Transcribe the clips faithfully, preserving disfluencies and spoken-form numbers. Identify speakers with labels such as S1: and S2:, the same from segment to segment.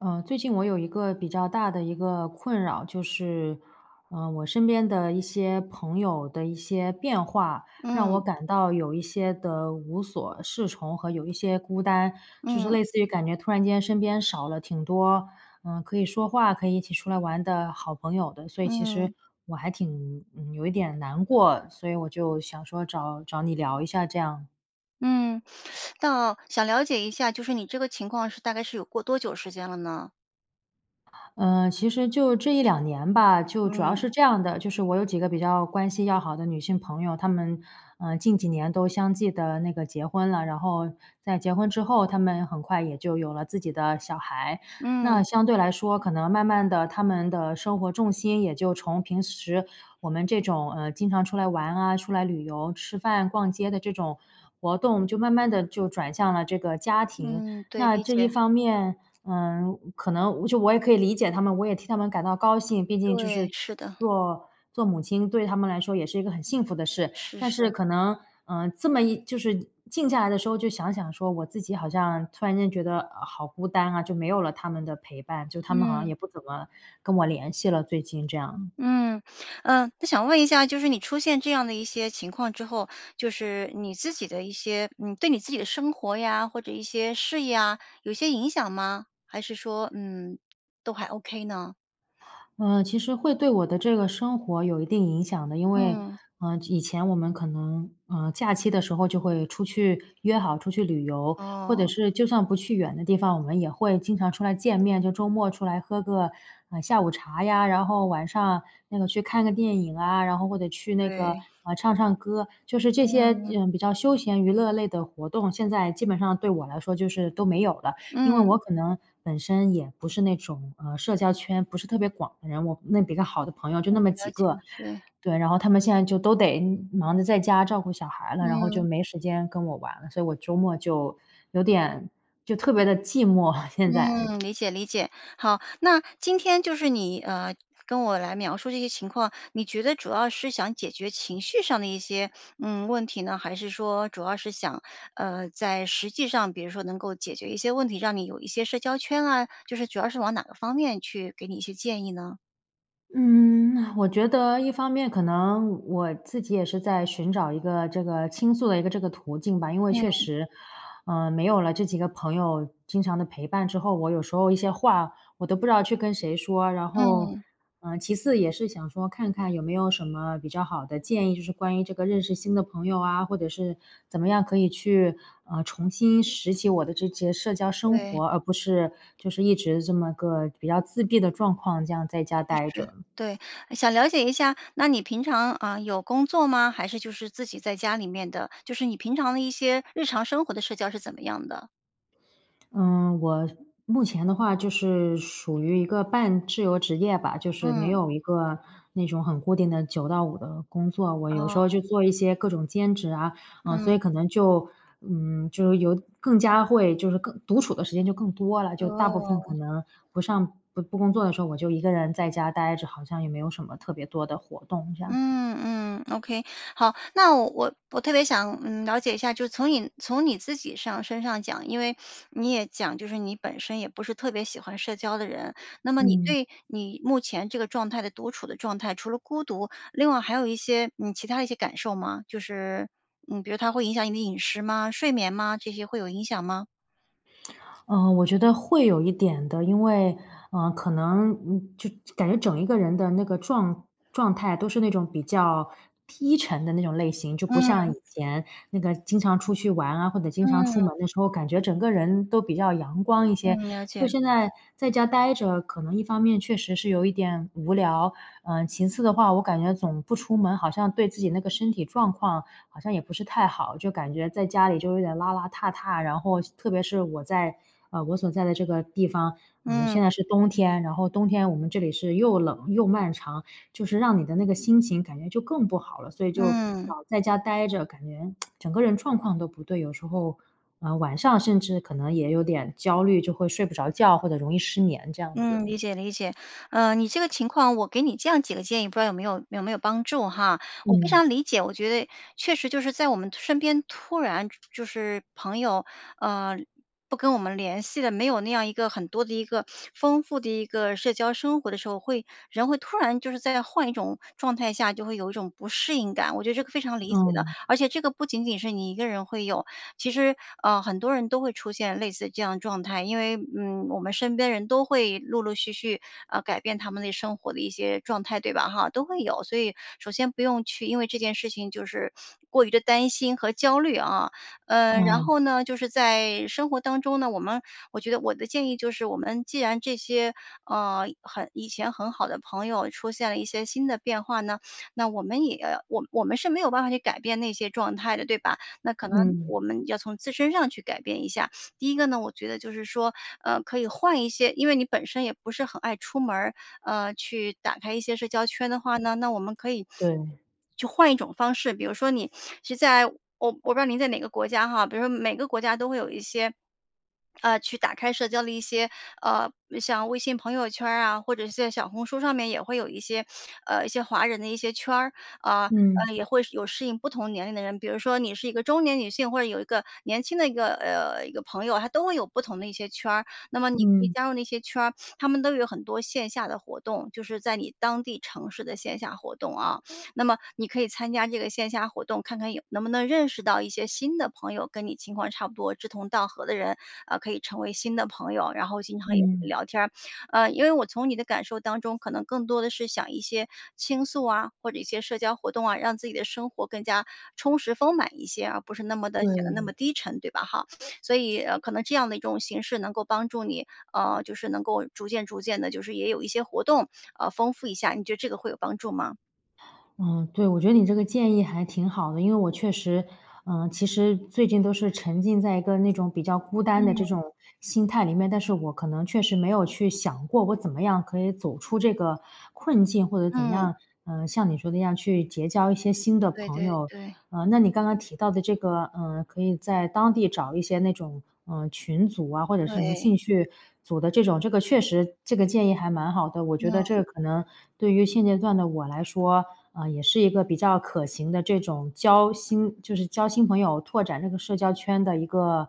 S1: 呃，最近我有一个比较大的一个困扰，就是，呃，我身边的一些朋友的一些变化。让我
S2: 嗯。
S1: 感到有一些的无所适从和有一些孤单。就是
S2: 嗯。
S1: 类似于感觉突然间身边少了挺多，呃，可以说话、可以一起出来玩的好朋友的。所以其实，
S2: 嗯。
S1: 我还挺嗯，有一点难过，所以我就想说找找你聊一下这样。
S2: 嗯，那想了解一下，就是你这个情况是大概是有过多久时间了呢？
S1: 呃，其实就这一两年吧。就主要
S2: 嗯。
S1: 是这样的，就是我有几个比较关系要好的女性朋友，她们，呃，近几年都相继地那个结婚了。然后在结婚之后，她们很快也就有了自己的小孩。那
S2: 嗯。
S1: 相对来说可能慢慢地，她们的生活重心，也就从平时我们这种，呃，经常出来玩啊，出来旅游，吃饭，逛街的这种活动，就慢慢地就转向了这个家庭。
S2: 嗯，对，
S1: 那
S2: 理
S1: 这一
S2: 解。
S1: 方面，呃，可能就我也可以理解她们，我也替她们感到高兴。毕竟就
S2: 对，
S1: 是
S2: 是的。
S1: 做做母亲对她们来说也是一个很幸福的事。
S2: 是
S1: 但是
S2: 是。
S1: 可能，呃，这么一就是静下来的时候，就想想说，我自己好像突然间觉得好孤单啊。就没有了她们的陪伴，就她们好像
S2: 嗯。
S1: 也不怎么跟我联系了，最近这样。
S2: 嗯，呃，那想问一下，就是你出现这样的一些情况之后，就是你自己的一些嗯，对你自己的生活呀，或者一些事业啊，有些影响吗？还是说，嗯，都还 OK 呢？
S1: 呃，其实会对我的这个生活有一定影响的。因为，
S2: 嗯。
S1: 呃，以前我们可能，呃，假期的时候就会出去约好出去旅游。或者
S2: 哦。
S1: 是就算不去远的地方，我们也会经常出来见面。就周末出来喝个，呃，下午茶呀，然后晚上，那个去看个电影啊，然后或者去那个，
S2: 对。
S1: 呃，唱唱歌。就是这些，
S2: 嗯。
S1: 呃，比较休闲娱乐类的活动。现在基本上对我来说就是都没有了。因为我
S2: 嗯。
S1: 可能本身也不是那种，呃，社交圈不是特别广的人，我那比较好的朋友，就
S2: 嗯，
S1: 那么
S2: 了
S1: 几
S2: 解，
S1: 个。
S2: 对。
S1: 对，然后她们现在就都得忙着在家照顾小孩了，然后就
S2: 嗯
S1: 没时间跟我玩了。所以我周末就，有点就特别地寂寞，现在。
S2: 嗯，理解理解。好，那今天就是你，呃，跟我来描述这些情况，你觉得主要是想解决情绪上的一些，嗯，问题呢？还是说，主要是想，呃，在实际上，比如说能够解决一些问题，让你有一些社交圈啊，就是主要是往哪个方面去给你一些建议呢？
S1: 嗯，我觉得一方面可能，我自己也是在寻找一个这个倾诉的一个这个途径吧。因为确
S2: 嗯。
S1: 实，呃，没有了这几个朋友经常的陪伴之后，我有时候一些话，我都不知道去跟谁说。然后，
S2: 嗯。
S1: 呃，其次也是想说，看看有没有什么比较好的建议，就是关于这个认识新的朋友啊，或者是怎么样可以去，呃，重新拾起我的这接社交生
S2: 对。
S1: 活。而不是就是一直这么个比较自闭的状况，这样在家
S2: 确
S1: 呆
S2: 实，
S1: 着。
S2: 对。呃，想了解一下，那你平常，呃，有工作吗？还是就是自己在家里面的，就是你平常的一些日常生活的社交是怎么样的？
S1: 嗯，我是目前的话就是属于一个半自由职业吧，就是没
S2: 嗯。
S1: 有一个那种很固定的九到五的工作。我有时候
S2: 哦。
S1: 就做一些各种兼职啊，嗯，
S2: 嗯。
S1: 所以可能就，嗯，就是有更加会就是更独处的时间就更多了。就大部分可
S2: 哦。
S1: 能不上不不工作的时候，我就一个人在家呆着，好像也没有什么特别多的活动这样。
S2: 嗯嗯，ok。好，那我我特别想，嗯，了解一下，就是从你从你自己上身上讲，因为 你也讲，就是你本身也不是特别喜欢社交的人。那么你
S1: 嗯。
S2: 对你目前这个状态的独处的状态，除了孤独，另外还有一些，嗯，其它一些感受吗？就是呃，比如它会影响你的饮食吗？睡眠吗？这些会有影响吗？
S1: 呃，我觉得会有一点的。因为，呃，可能，嗯，就感觉整一个人的那个状状态，都是那种比较低沉的那种类型。就不像
S2: 嗯。
S1: 以前那个经常出去玩啊，或者经常出门的
S2: 嗯。
S1: 时候，感觉整个人都比较阳光一些。
S2: 嗯，了
S1: 就
S2: 解。
S1: 现在在家呆着，可能一方面确实是有一点无聊。呃，其次的话，我感觉总不出门，好像对自己那个身体状况好像也不是太好，就感觉在家里就有点邋邋遢遢。然后细特别是我在呃，我所在的这个地方，呃，
S2: 嗯。
S1: 现在是冬天。然后冬天我们这里是又冷又漫长，就是让你的那个心情感觉就更不好了。所以就
S2: 嗯。
S1: 老在家呆着，感觉 整个人状况都不对。有时候，呃，晚上甚至可能也有点焦虑，就会睡不着觉，或者容易失眠这样
S2: 嗯，
S1: 子。
S2: 理解理解。呃，你这个情况，我给你这样几个建议，不知道有没有有没有帮助哈。我非
S1: 嗯。
S2: 常理解，我觉得，确实就是在我们突身边，突然就就是朋友，呃，不跟我们联系的，没有那样一个很多的一个 丰富的一个社交生活的时候，会人会突然就是在换一种状态下，就会有一种不适应感，我觉得这可非常理解的。
S1: 嗯。
S2: 而且这个不仅仅是你一个人会有，其实，呃，很多人都会出现类似的这样状态。因为，嗯，我们身边人都会陆陆续续，呃，改变他们的生活的一些状态，对吧哈，都会有。所以首先不用去，因为这件事情就是 过于地担心和焦虑啊。嗯，然
S1: 嗯。
S2: 后呢，就是在生活当中呢，我们我觉得我的建议就是，我们既然这些，呃，很以前很好的朋友出现了一些新的变化呢，那我们也我们我们是没有办法去改变那些状态的，对吧？那可能
S1: 嗯。
S2: 我们要从自身上去改变一下。第一个呢，我觉得就是说，呃，可以换一些因为你本身也不是很爱出门儿，呃，去打开一些社交圈的话呢，那我们可以
S1: 对。
S2: 去换一种方式。比如说你 是在我我不知道您在哪个国家哈，比如说每个国家都会有一些，呃，去打开社交的一些，呃，像微信朋友圈儿啊，或者是在小红书上面也会有一些，呃，一些华人的一些圈儿。啊，
S1: 嗯。
S2: 呃，也会是有适应不同年龄的人，比如说你是一个中年女性，或者有一个年轻的一个，呃，一个朋友，它都会有不同的一些圈儿。那么你可以
S1: 嗯。
S2: 加入那些圈儿，它们都有很多线下的活动，就是在你当地城市的线下活动啊。那么你可以参加这个线下活动，看看也能不能认识到一些新的朋友，跟你情况差不多、志同道合的人，呃，可以成为新的朋友，然后经常也可以
S1: 嗯。
S2: 聊天儿。呃，因为我从你的感受当中，可能更多地是想一些倾诉啊，或者一些社交活动啊，让自己的生活更加充实丰满一些，而不是那么地显得那么
S1: 对。
S2: 低沉，对吧哈？所以，呃，可能这样的一种形式能够帮助你，呃，就是能够逐渐逐渐地就是也有一些活动，呃，丰富一下。你觉得这个会有帮助吗？
S1: 嗯，对，我觉得你这个建议还挺好的。因为我确实呃，其实最近都是沉浸在一个那种比较孤单的这
S2: 嗯。
S1: 种心态里面，但是我可能确实没有去想过，我怎么样可以走出这个困境。或者怎么
S2: 嗯。
S1: 样，呃，像你说的一样，去结交一些新的
S2: 对
S1: 朋
S2: 对
S1: 友。
S2: 对。
S1: 呃，那你刚刚提到的这个，呃，可以在当地找一些那种，呃，群组啊，或者是什么
S2: 对。
S1: 兴趣组的这种，这个确实这个建议还蛮好的。我觉得这
S2: 嗯。
S1: 个可能对于现阶段的我来说，呃，也是一个比较可行的这种交新就是交新朋友、拓展这个社交圈的一个，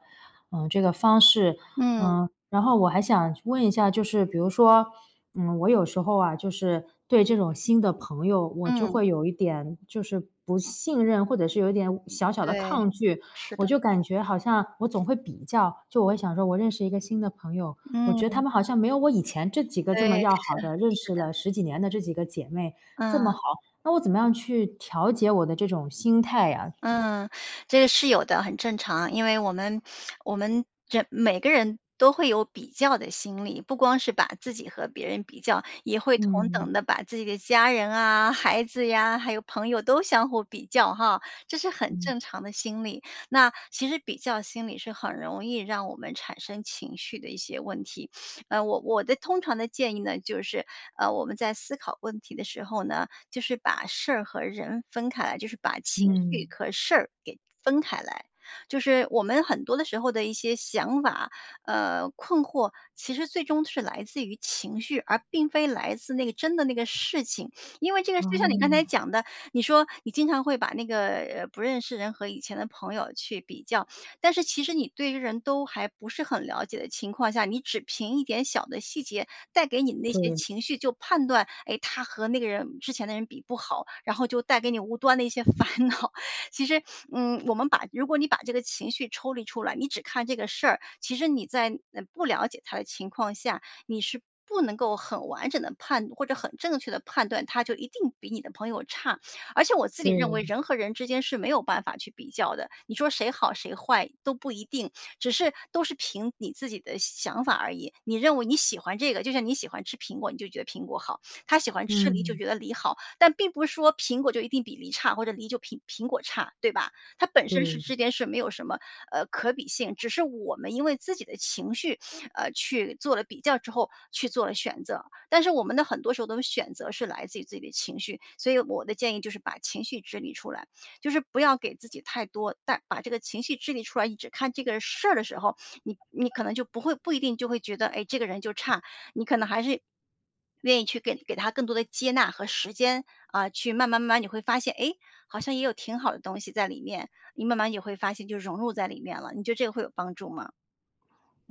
S1: 呃，这个方式。
S2: 嗯。
S1: 嗯，然后我还想去问一下，就是比如说，嗯，我有时候啊，就是对这种新的朋友，我就
S2: 嗯。
S1: 会有一点就是不信任，或者是有一点委小小的
S2: 对，
S1: 抗拒。
S2: 是
S1: 我
S2: 的。
S1: 就感觉好像我总会比较，就我会想说，我认识一个新的朋友，我觉得他
S2: 嗯。
S1: 们好像没有我以前这几个这
S2: 对，
S1: 么要
S2: 是，
S1: 好
S2: 是
S1: 的、认识
S2: 的。
S1: 了十几年的这几个姐妹，这
S2: 嗯。
S1: 么好。那我怎么样去调节我的这种心态啊？
S2: 嗯，这个是有的，很正常。因为我们 我们这每个人都会有比较的心理。不光是把自己和别人比较，也会同等
S1: 嗯。
S2: 地把自己的家人啊、孩子呀、还有朋友都相互比较哈，这是很
S1: 嗯。
S2: 正常的现象。那其实，比较心理是很容易让我们产生情绪的一些问题。呃，我我的通常的建议呢就是，啊，我们在思考问题的时候呢，就是把事儿和人分开来，就是把情绪
S1: 嗯。
S2: 壳事儿给分开来。就是我们很多的时候的一些想法，呃，困惑，其实最终是来自于情绪，而并非来自那个真的那个事情。因为这个就像你刚才
S1: 哦。
S2: 讲的，你说你经常会把那个，呃，不认识的人和以前的朋友去比较。但是其实你对于人都还不是很了解的情况下，你只凭一点小的细节带给你那些
S1: 对。
S2: 情绪就判断，哎，他和那个人之前的人比不好，然后就带给你无端的一些烦恼。其实，嗯，我们把如果你把这个情绪抽离出来，你只看这个事儿，其实你在，嗯，不了解他的情况下，你是不能够很完整地判断或者很正确的判断，他就一定比你的朋友差。而且我自己认为，
S1: 对。
S2: 人和人之间是没有办法去比较的。你说谁好谁坏都不一定，只是都是凭你自己的想法而已。你认为你喜欢这个，就像你喜欢吃苹果，你就觉得苹果好，他喜欢吃梨就
S1: 嗯。
S2: 觉得梨好。但并不是说苹果就一定比梨差，或者梨就苹苹果差，对吧？它本身是
S1: 对。
S2: 这件事儿没有什么，呃，可比性，只是我们因为自己的情绪，呃，去做了比较之后，去做了选择。但是我们的很多时候的选择是来自于自己的情绪。所以我的建议就是，把情绪支离出来。就是不要给自己太多但把这个情绪支离出来，你只看这个事儿的时候，你你可能就不会不一定就会觉得，诶，这个人就差。你可能还是 愿意去给给他更多的接纳和时间，啊，去慢慢慢慢你会发现，诶，好像也有挺好的东西在里面，你慢慢也会发现就融入在里面了。你觉得这个会有帮助吗？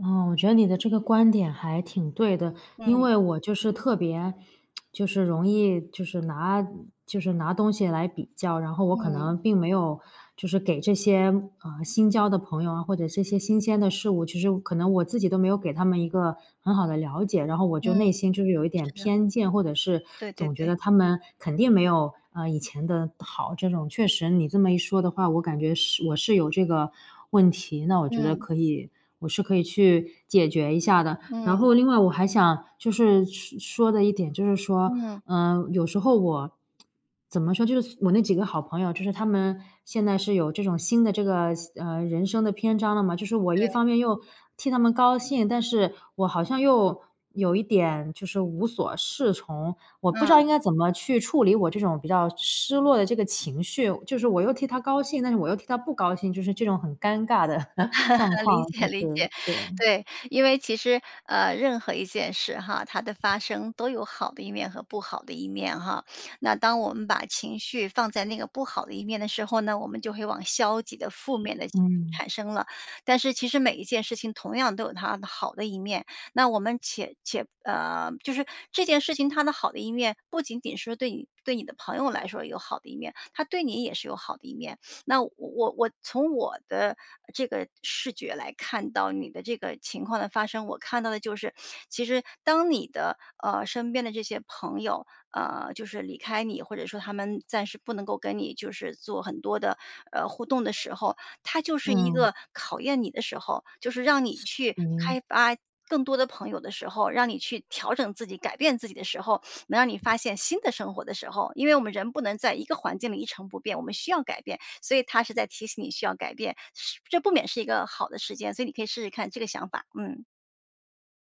S1: 哦，我觉得你的这个观点还挺对的。因
S2: 嗯。
S1: 为我就是特别 就是容易就是拿就是拿东西来比较。然后我可
S2: 嗯。
S1: 能并没有就是给这些，呃，新交的朋友啊，或者这些新鲜的事物。其实可能我自己都没有给他们一个很好的了解，然后我就
S2: 嗯。
S1: 内心就是有一点
S2: 是的。
S1: 偏见。或者是
S2: 对对
S1: 总觉
S2: 对。
S1: 得他们肯定没有，呃，以前的好。这种，确实你这么一说的话，我感觉是我是有这个问题。那我觉得
S2: 嗯。
S1: 可以我是可以去解决一下的。然
S2: 嗯。
S1: 后另外我还想就是说说的一点，就是说，
S2: 嗯。
S1: 呃，有时候我怎么说，就是我那几个好朋友，就是他们现在是有这种新的这个新呃，人生的篇章了嘛。就是我一
S2: 对。
S1: 方面又替他们高兴，但是我好像又有一点就是无所适从。我不知
S2: 嗯。
S1: 道应该怎么去处理我这种比较失落的这个情绪，就是我又替他高兴，但是我又替他不高兴，就是这种很尴尬的 状
S2: 理
S1: 况，
S2: 解
S1: 就
S2: 理
S1: 是
S2: 解。
S1: 对。
S2: 对，因为其实，呃，任何一件事哈，它的发生都有好的一面和不好的一面哈。那当我们把情绪放在那个不好的一面的时候呢，我们就会往消极的负面的
S1: 嗯。
S2: 产生了。但是其实每一件事情同样都有它的好的一面，那我们且且呃，就是这件事情，它的好的一面不仅仅是对你对你的朋友来说有好的一面，它对你也是有好的一面。那我我我从我的这个视觉来看到你的这个情况的发生，我看到的就是其实当你的，呃，身边的这些朋友，呃，就是离开你，或者说他们暂时不能够跟你就是做很多的，呃，互动的时候，它就是一
S1: 嗯。
S2: 个考验你的时候。就是让你
S1: 是，
S2: 去
S1: 嗯。
S2: 开发更多的朋友的时候，让你去调整自己，改变自己的时候，能让你发现新的生活的时候。因为我们人不能在一个环境里一成不变，我们需要改变。所以它是在提醒你需要改变，是这不免是一个好的时间，所以你可以试试看这个想法。嗯。